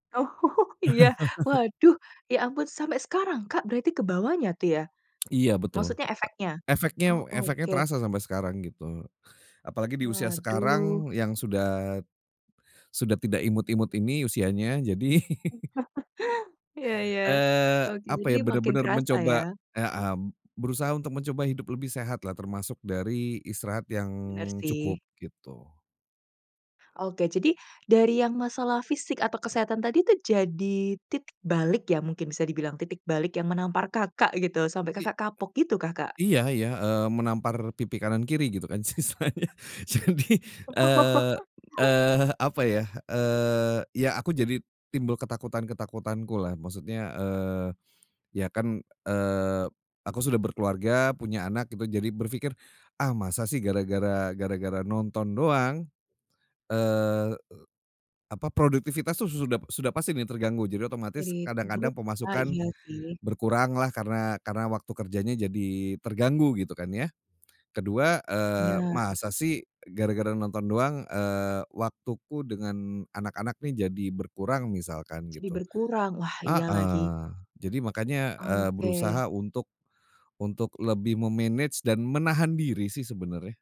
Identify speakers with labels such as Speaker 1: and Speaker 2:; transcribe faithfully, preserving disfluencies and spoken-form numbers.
Speaker 1: Oh. Iya. Waduh. Ya ampun. Sampai sekarang, Kak berarti kebawanya tuh ya,
Speaker 2: Iya, betul.
Speaker 1: maksudnya efeknya?
Speaker 2: E efeknya
Speaker 1: Oh,
Speaker 2: efeknya
Speaker 1: oke.
Speaker 2: terasa sampai sekarang, gitu. Apalagi di usia
Speaker 1: Waduh.
Speaker 2: sekarang yang sudah sudah tidak imut-imut ini usianya. Jadi
Speaker 1: Iya iya.
Speaker 2: eee,
Speaker 1: Oke.
Speaker 2: apa
Speaker 1: Jadi
Speaker 2: ya,
Speaker 1: makin
Speaker 2: benar-benar
Speaker 1: kerasa,
Speaker 2: mencoba
Speaker 1: ya.
Speaker 2: kayak, mmm, berusaha untuk mencoba hidup lebih sehatlah. Termasuk dari istirahat yang
Speaker 1: Bener
Speaker 2: cukup,
Speaker 1: sih.
Speaker 2: gitu.
Speaker 1: Oke. Jadi, dari yang masalah fisik, atau kesehatan tadi tuh jadi titik balik ya mungkin bisa dibilang? Titik balik yang menampar Kakak gitu, sampai
Speaker 2: I
Speaker 1: Kakak kapok. Gitu kah, Kak?
Speaker 2: iya iya, eee, menampar pipi kanan kiri, gitu kan istilahnya. Jadi, eee eee, apa ya, eee, ya aku jadi timbul ketakutan-ketakutanku lah. Maksudnya, eee, ya kan, eee, aku sudah berkeluarga, punya anak, gitu jadi berpikir, "Ah masa sih gara-gara gara-gara nonton doang?" Eee, apa, produktivitas tuh su sudah sudah pasti nih terganggu. Jadi otomatis,
Speaker 1: [unintelligible]
Speaker 2: kadang-kadang
Speaker 1: Ah,
Speaker 2: pemasukan
Speaker 1: iya sih.
Speaker 2: berkuranglah. Karena karena waktu kerjanya jadi terganggu, gitu kan ya. Kedua, eee,
Speaker 1: Bener.
Speaker 2: masa sih gara-gara nonton doang, eee, waktuku dengan anak-anak nih jadi berkurang misalkan,
Speaker 1: Jadi
Speaker 2: gitu.
Speaker 1: berkurang. Wah, iya lagi.
Speaker 2: Heeh. Jadi makanya, eee,
Speaker 1: Oke.
Speaker 2: berusaha untuk untuk lebih me-manage dan menahan diri sih, sebenarnya.